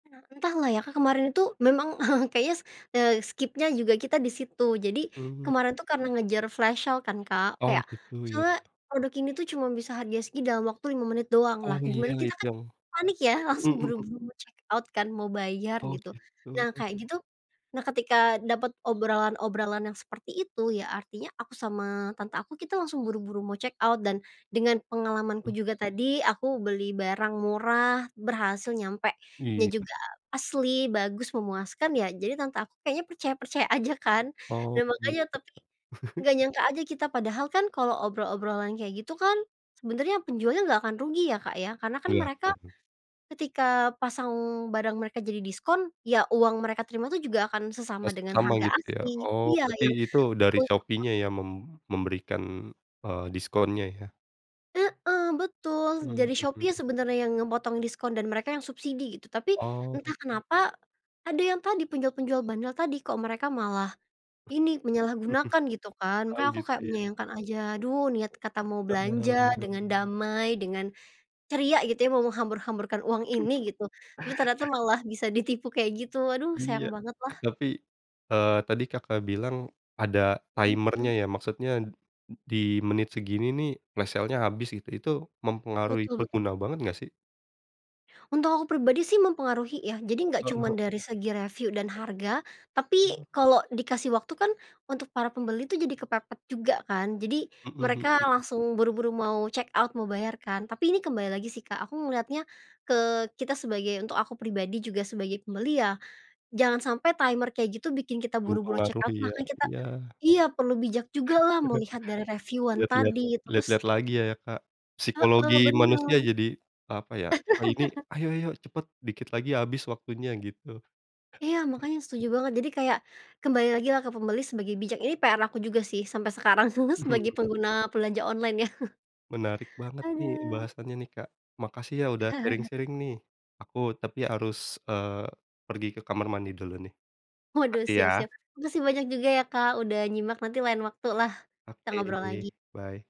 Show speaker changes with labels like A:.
A: E entahlah ya Kak. Kemarin itu, memang kayaknya, eee, skip-nya juga kita di situ. Jadi,
B: Mmm.
A: kemarin tuh karena ngejar flash sale kan Kak,
B: Oh.
A: kayak,
B: Gitu ya?
A: misalnya produk ini tuh cuma bisa harga segini, dalam waktu 5 menit doang.
B: Oh,
A: Lah,
B: iya
A: gimana kita
B: itu
A: kan,
B: yang
A: panik ya,
B: mhm
A: langsung
B: mhm.
A: buru-buru mau check out kan. Mau bayar,
B: Oh,
A: gitu. Nah,
B: gitu.
A: kayak gitu nah ketika dapat obrolan-obrolan yang seperti itu, ya artinya aku sama tante aku, kita langsung buru-buru mau check out. Dan dengan pengalamanku
B: Mhm.
A: juga tadi. Aku beli barang murah, berhasil nyampenya
B: Iya.
A: juga asli bagus, memuaskan ya. Jadi tante aku kayaknya percaya-percaya aja kan.
B: Oh,
A: Dan
B: begitu
A: makanya tapi,
B: Kak.
A: nggak nyangka aja. Kita padahal kan, kalau obrolan-obrolan kayak gitu kan, sebenarnya penjualnya nggak akan rugi ya Kak ya, karena kan
B: Iya.
A: mereka,
B: [unintelligible]
A: ketika pasang barang mereka jadi diskon. Ya uang mereka terima tuh juga akan
B: Oh
A: sesama dengan
B: sama
A: harga
B: gitu ya.
A: asli.
B: Oh,
A: Iya
B: berarti
A: yang.
B: itu dari Shopeenya
A: [unintelligible]
B: ya mem memberikan, eee, diskonnya ya?
A: Heeh, betul
B: Mhm
A: dari Shopee
B: mhm.
A: sebenarnya yang ngemotong diskon, dan mereka yang subsidi, gitu. Tapi,
B: Oh.
A: entah kenapa, ada yang tadi, penjual-penjual bandel tadi. Kok mereka malah, ini, menyalahgunakan gitu kan.
B: Oh.
A: Makanya aku
B: Gitu
A: kayak
B: ya?
A: menyayangkan aja, aduh, niat kata mau belanja,
B: Benar benar.
A: dengan damai, dengan ceria gitu ya, mau menghambur-hamburkan uang ini gitu, tapi ternyata malah bisa ditipu kayak gitu. Aduh
B: Iya,
A: sayang banget lah.
B: tapi, eee, tadi Kakak bilang, ada timer-nya
A: Mhm.
B: ya? Maksudnya, di menit segini nih, flash sale-nya habis, gitu. Itu mempengaruhi
A: Betul betul.
B: pengguna banget nggak sih?
A: Untuk aku pribadi sih, mempengaruhi ya. Jadi enggak cuman
B: Heeh.
A: dari segi review dan harga,
B: Oh.
A: tapi kalau dikasih waktu kan, untuk para pembeli tuh, jadi kepepet juga kan. Jadi,
B: Mhm
A: mereka
B: mhm.
A: langsung buru-buru mau check out, mau bayar kan. Tapi ini kembali lagi sih Kak, aku melihatnya, ke kita sebagai untuk aku pribadi juga sebagai pembeli ya. Jangan sampai timer kayak gitu, bikin kita buru-buru check out.
B: Mempengaruhi ya?
A: Makanya kita
B: Iya.
A: iya. Perlu bijak jugalah melihat dari reviewan
B: Lihat-lihat
A: tadi. Terus
B: lihat-lihat lagi ya ya Kak?
A: Heeh.
B: Psikologi manusia
A: Benar.
B: jadi, apa ya, oh ini, "Ayo ayo, cepat, dikit lagi habis waktunya" gitu.
A: Iya. Makanya setuju banget. Jadi kayak, kembali lagi lah ke pembeli sebagai bijak. Ini PR aku juga sih. Sampai sekarang, sebagai
B: Mhm.
A: pengguna belanja online ya.
B: Menarik banget nih,
A: Aduh.
B: bahasannya nih Kak. Makasih ya udah sharing-sharing nih. Aku tapi harus, eee, pergi ke kamar mandi dulu nih.
A: Waduh.
B: Makasih
A: Siap
B: ya.
A: siap. Makasih banyak juga ya Kak. Udah nyimak. Nanti lain waktu lah, kita ngobrol
B: Oke.
A: lagi.
B: Bye.